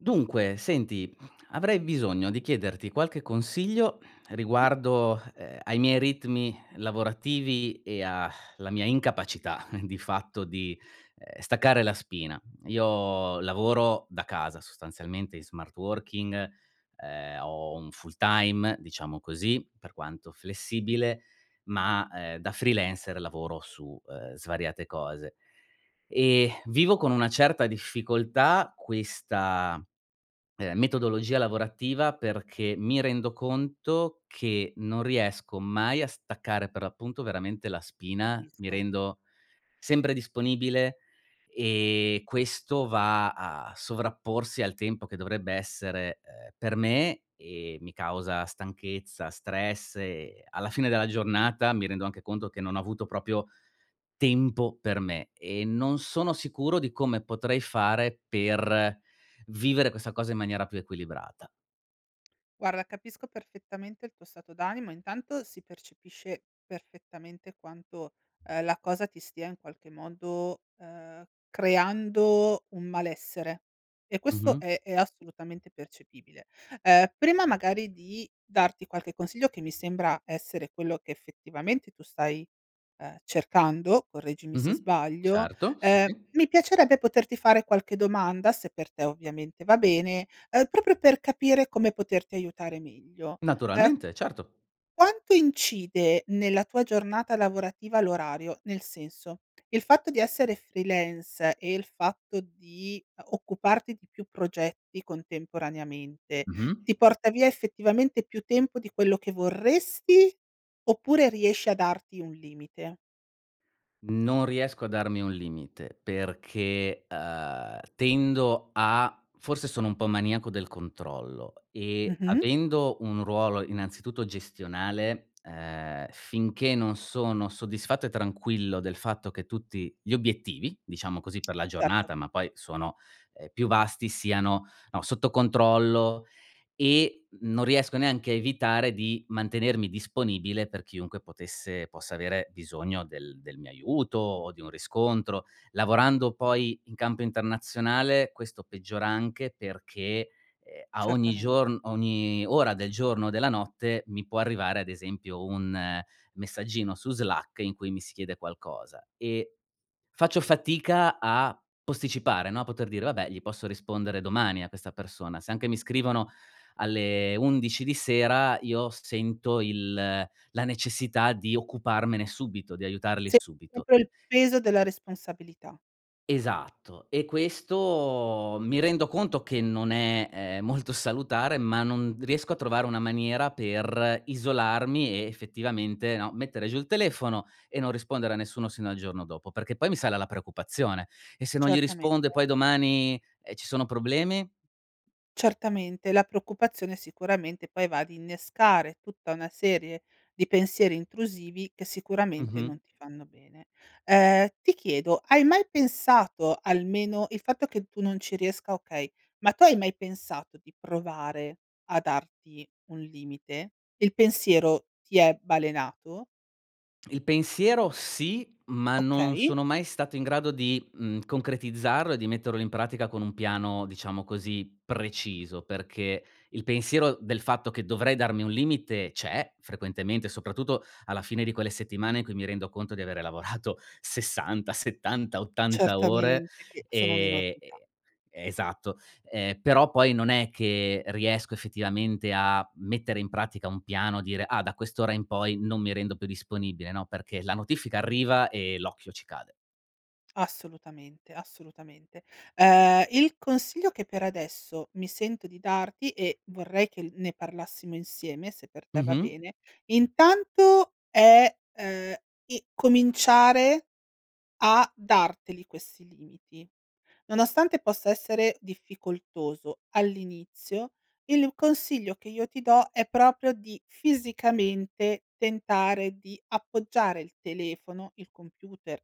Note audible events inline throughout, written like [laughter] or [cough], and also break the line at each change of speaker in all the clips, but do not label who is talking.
Dunque, senti, [grunts] avrei bisogno di chiederti qualche consiglio
Mh.
riguardo, uhm, ai miei ritmi lavorativi e a [sighs] la mia incapacità [chuckles] di fatto, uhm, di staccare la spina. Io lavoro da casa sostanzialmente in smart working, uhm, ho un full time diciamo così, per quanto flessibile, ma, uhm, da freelancer lavoro su, uhm, svariate cose. Eh, [sighs] vivo con una certa difficoltà questa, uhm, metodologia lavorativa perché, mi rendo conto che non riesco mai a staccare, per l'appunto veramente la spina, mi
Capisco.
rendo sempre disponibile, ehm, questo va a sovrapporsi al tempo che dovrebbe essere, ehm, per me, e mi causa stanchezza, stress e alla fine della giornata mi rendo anche conto che non ho avuto proprio tempo per me; e non sono sicuro di come potrei fare per vivere questa cosa in maniera più equilibrata.
Guarda capisco perfettamente il tuo stato d'animo, intanto si percepisce, perfettamente quanto, uhm, la cosa ti stia in qualche modo, uhm, creando un malessere; e questo
Mh-mh.
è è assolutamente percepibile. Uhm, prima magari di darti qualche consiglio, che mi sembra essere quello che effettivamente tu stai, uhm, cercando, correggimi se
Mh-mh.
sbaglio,
Certo sì.
ehm, mi piacerebbe poterti fare qualche domanda, se per te ovviamente va bene, uhm, proprio per capire come poterti aiutare meglio. Uhm
Naturalmente, certo.
quanto incide nella tua giornata lavorativa l'orario, nel senso, il fatto di essere freelance, e il fatto di, uhm, occuparti di più progetti contemporaneamente,
Mh-mh.
ti porta via effettivamente più tempo di quello che vorresti, oppure riesci a darti un limite?
Non riesco a darmi un limite perché, uhm, tendo a forse sono un po' maniaco del controllo e
Mh-mh.
avendo un ruolo innanzitutto gestionale, uhm, finché non sono soddisfatto e tranquillo del fatto che tutti gli obiettivi, diciamo così, per la
Certo.
giornata ma poi sono, uhm, più vasti, siano, no, sotto controllo e non riesco neanche a evitare di mantenermi disponibile per chiunque potesse possa avere bisogno del del mio aiuto o di un riscontro, lavorando poi in campo internazionale, questo peggiora anche perché, ehm, a ogni
Certamen
giorno ogni ora del giorno o della notte, mi può arrivare ad esempio un messaggino su Slack in cui mi si chiede qualcosa. E faccio fatica a posticipare, no, poter dire: "Vabbè, gli posso rispondere domani a questa persona". Se anche mi scrivono alle 11 di sera, io s sento il la necessità di occuparmene subito, di aiutarli
Sen
subito.
proprio il peso della responsabilità.
Esatto, e questo mi rendo conto che non è, ehm, molto salutare, ma non riesco a trovare una maniera per isolarmi e, effettivamente, no, mettere giù il telefono e non rispondere a nessuno sino al giorno dopo, perché poi mi sale la preoccupazione: e se non gli
Certamente.
rispondo e poi domani, ehm, ci sono problemi?
Certamente, la preoccupazione sicuramente poi va ad innescare tutta una serie di pensieri intrusivi, che sicuramente,
Mh-mh.
non ti fanno bene. Uhm, ti chiedo: hai mai pensato almeno il fatto che tu non ci riesca okay, ma tu hai mai pensato di provare a darti un limite? Il pensiero ti è balenato?
Il pensiero sì, ma non
Okay.
sono mai stato in grado di, mhmm, concretizzarlo e di metterlo in pratica con un piano, diciamo così, preciso perché il pensiero del fatto che dovrei darmi un limite c'è, frequentemente, soprattutto alla fine di quelle settimane in cui mi rendo conto di avere lavorato 60, 70, 80 ore,
Certamente, che sono
ehm
un'enormità.
e esatto, ehm, però poi, non è che riesco effettivamente a mettere in pratica un piano, dire: "Ah, da quest'ora in poi non mi rendo più disponibile". No, perché, la notifica arriva e l'occhio ci cade.
Assolutamente, assolutamente. Uhm, il consiglio che per adesso mi sento di darti, e vorrei che l ne parlassimo insieme, se per te va
Mh-mh.
bene, intanto è, uhm, i cominciare a darteli questi limiti. Nonostante possa essere difficoltoso all'inizio, il consiglio che io ti do è proprio di fisicamente tentare di appoggiare il telefono, il computer,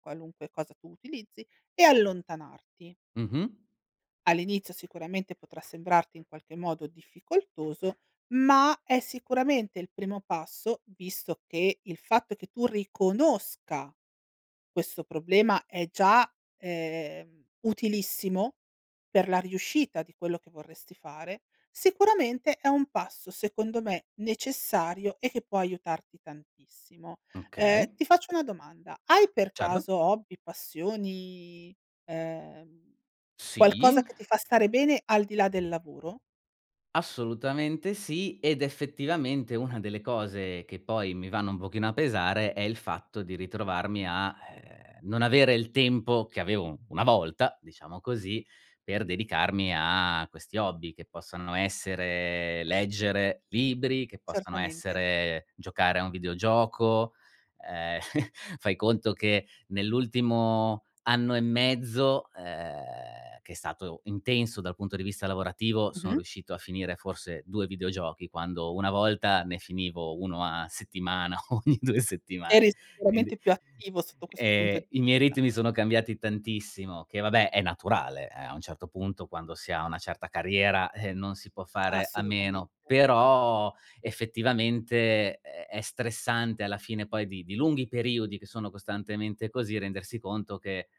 qualunque cosa tu utilizzi e allontanarti.
Mh-mh.
All'inizio sicuramente potrà sembrarti in qualche modo difficoltoso, ma è sicuramente, il primo passo, visto che il fatto che tu riconosca questo problema è già, ehm, utilissimo per la riuscita di quello che vorresti fare, sicuramente è un passo secondo me necessario e che può aiutarti tantissimo. Uhm,
Okay.
ti faccio una domanda: hai per
Certo.
caso hobby, passioni, uhm,
Sì.
qualcosa che ti fa stare bene, al di là del lavoro?
Assolutamente sì, ed effettivamente una delle cose che poi mi vanno un pochino a pesare è il fatto di ritrovarmi a, uhm, non avere il tempo che avevo una volta, diciamo così, per dedicarmi a questi hobby, che possano essere leggere libri, che possano
Certamente.
essere giocare a un videogioco, uhm, [chuckles] fai conto che nell'ultimo anno e mezzo, uhm, che è stato intenso dal punto di vista lavorativo, sono
Mh-mh.
riuscito a finire forse 2 videogiochi quando una volta ne finivo 1 a settimana ogni 2 settimane.
Eri
Quindi,
sicuramente più attivo sotto questo punto
ehm,
d
i miei
sta.
ritmi sono cambiati tantissimo, che vabbè è naturale a un certo punto, quando si ha una certa carriera, eh, non si può fare a
Assolutamente.
meno. Però effettivamente, ehm, è stressante, alla fine poi di di lunghi periodi che sono costantemente così rendersi conto che,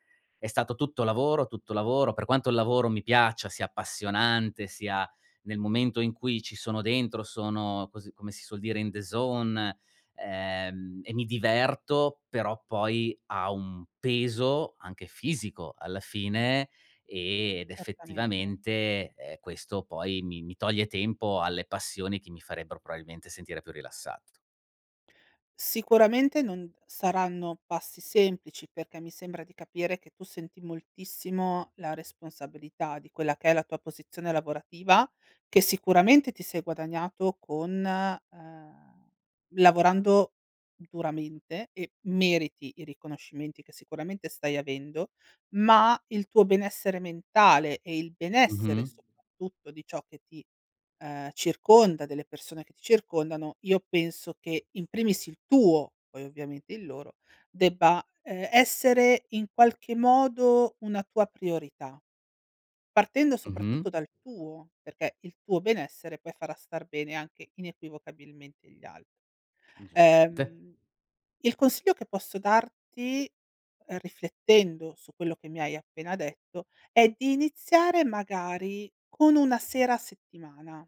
è stato tutto lavoro, tutto lavoro, per quanto il lavoro mi piaccia, sia appassionante, sia nel momento in cui ci sono dentro, sono così come si suol dire in the zone, ehm, e mi diverto, però poi ha un peso, anche fisico alla fine, e ed
Certamente.
effettivamente, ehm, questo poi mi mi toglie tempo alle passioni che mi farebbero probabilmente sentire più rilassato.
Sicuramente non saranno passi semplici, perché mi sembra di capire che tu senti moltissimo la responsabilità di quella che è la tua posizione lavorativa, che sicuramente ti sei guadagnato con uhm, lavorando duramente e meriti i riconoscimenti che sicuramente stai avendo, ma il tuo benessere mentale e il benessere
Mh-mh.
soprattutto di ciò che ti, uhm, circonda, delle persone che ti circondano, io penso che in primis il tuo, poi ovviamente il loro, debba, ehm, essere in qualche modo, una tua priorità. Partendo
Mh-mh.
soprattutto dal tuo, perché il tuo benessere poi farà star bene anche inequivocabilmente gli al
Gius ...nte.
Uhm, il consiglio che posso darti, riflettendo su quello che mi hai appena detto, è di iniziare magari con una sera a settimana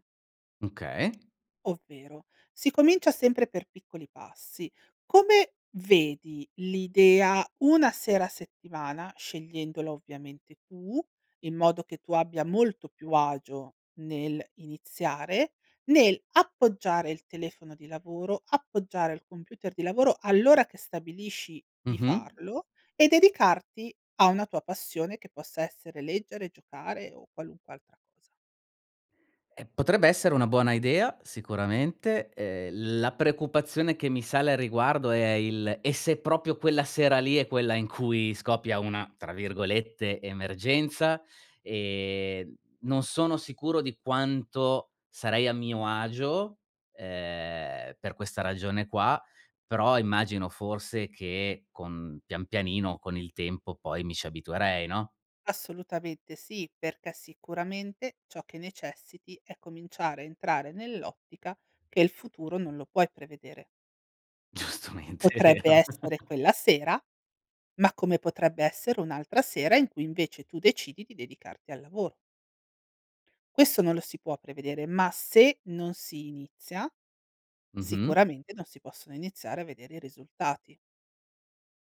Okay.
ovvero: si comincia sempre per piccoli passi. Come vedi l'idea una sera a settimana, scegliendola ovviamente tu, in modo che tu abbia molto più agio nel iniziare, nel appoggiare il telefono di lavoro, appoggiare al computer di lavoro, all'ora che stabilisci di
Mh-mh.
farlo, e dedicarti a una tua passione che possa essere leggere, giocare o qualunque altra cosa.
Eh, potrebbe essere una buona idea sicuramente, ehm, la preoccupazione che mi sale a riguardo è il: e se proprio quella sera lì è quella in cui scoppia una, tra virgolette, "emergenza"? Ehm, non sono sicuro di quanto sarei a mio agio, ehm, per questa ragione qua, però immagino forse che con pian pianino con il tempo poi mi ci abituerei, no?
Assolutamente sì, perché sicuramente ciò che necessiti è cominciare a entrare nell'ottica che il futuro non lo puoi prevedere.
Giustamente è
Potrebbe
vero.
essere
[laughs]
quella sera, ma come potrebbe essere un'altra sera in cui invece tu decidi di dedicarti al lavoro. Questo non lo si può prevedere, ma se non si inizia,
Mh-mh.
sicuramente non si possono iniziare a vedere i risultati.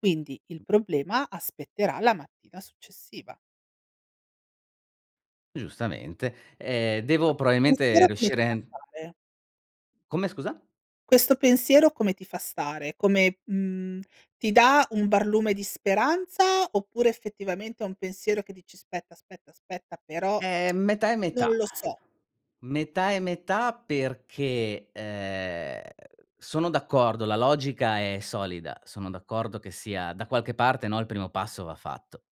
Quindi, il problema aspetterà la mattina successiva.
Giustamente, ehm, devo
Que
probabilmente
pensiero come ti
riuscire
fa
en
stare?
Come scusa?
Questo pensiero come ti fa stare? Come, mhmm, ti dà un barlume di speranza, oppure effettivamente è un pensiero che dici: "Spetta, aspetta, aspetta, però
Ehm, metà
[clicks tongue]
e
non
metà.
lo so".
Metà e metà perché, ehm, sono d'accordo, la logica è solida, sono d'accordo che sia da qualche parte no, il primo passo va fatto.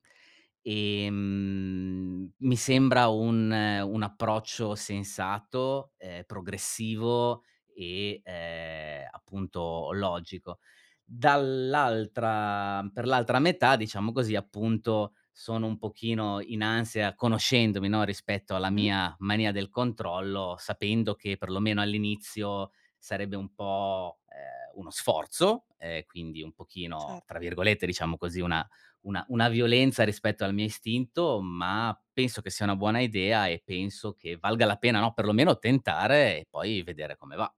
Ehm, mi sembra un un approccio sensato, ehm, progressivo e, ehm, appunto logico. Dall'altra per l'altra metà diciamo così appunto, sono un pochino in ansia conoscendomi, no, rispetto alla
Mh-mh.
mia mania del controllo, sapendo che perlomeno all'inizio, sarebbe un po', ehm, uno sforzo, uhm, quindi un pochino tra
Certo.
virgolette diciamo così, una una una "violenza" rispetto al mio istinto ma, penso che sia una buona idea e penso che valga la pena, no, perlomeno tentare e poi vedere come va.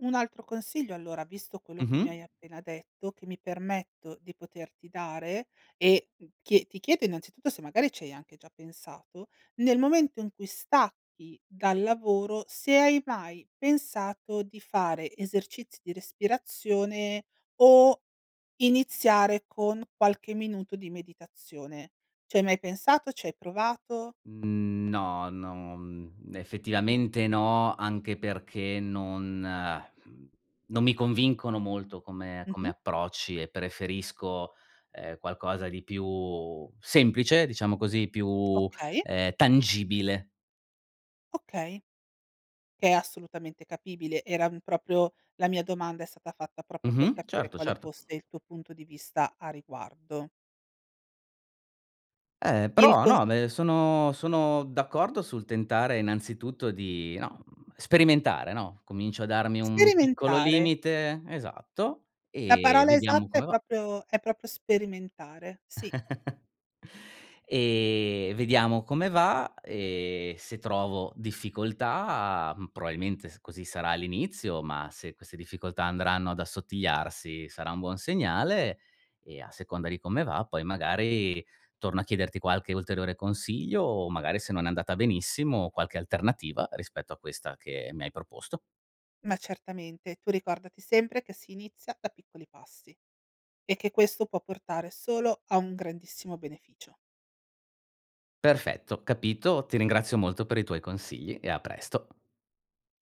Un altro consiglio allora, visto quello che mi
Mh-mh.
hai appena detto, che mi permetto di poterti dare, e, mhmm, chie ti chiedo innanzitutto, se magari ci hai anche già pensato: nel momento in cui stacchi dal lavoro, se hai mai pensato di fare esercizi di respirazione, o iniziare con qualche minuto di meditazione. Ci hai mai pensato? Ci hai provato?
Mhmm, no no, mhmm, effettivamente no, anche perché non, [lip trill] non mi convincono molto come come
Mh-mh.
approcci e preferisco, ehm, qualcosa di più semplice diciamo così, più, uhm,
Okay.
tangibile.
Okay. Che è assolutamente capibile. Era, mhmm, proprio la mia domanda è stata fatta proprio per
Mh-mh.
capire
Certo,
quale
certo.
fosse il tuo punto di vista a riguardo.
Eh,
Il
però
cons
no, me sono sono d'accordo sul tentare innanzitutto di no, mhmm, sperimentare, no, comincio a darmi un piccolo
Sperimentare.
limite, esatto
La
e
parola
vediamo
esatta è
come va.
proprio è proprio sperimentare, sì.
[chuckles] Ehm, vediamo come va, e se trovo difficoltà, probabilmente s così sarà all'inizio, ma se queste difficoltà andranno ad assottigliarsi sarà un buon segnale, e a seconda di come va poi magari, torno a chiederti qualche ulteriore consiglio, o magari se non è andata benissimo, qualche alternativa rispetto a questa che mi hai proposto.
Ma certamente, tu ricordati sempre che si inizia da piccoli passi, e che questo può portare solo a un grandissimo beneficio.
Perfetto, capito, ti ringrazio molto per i tuoi consigli e a presto.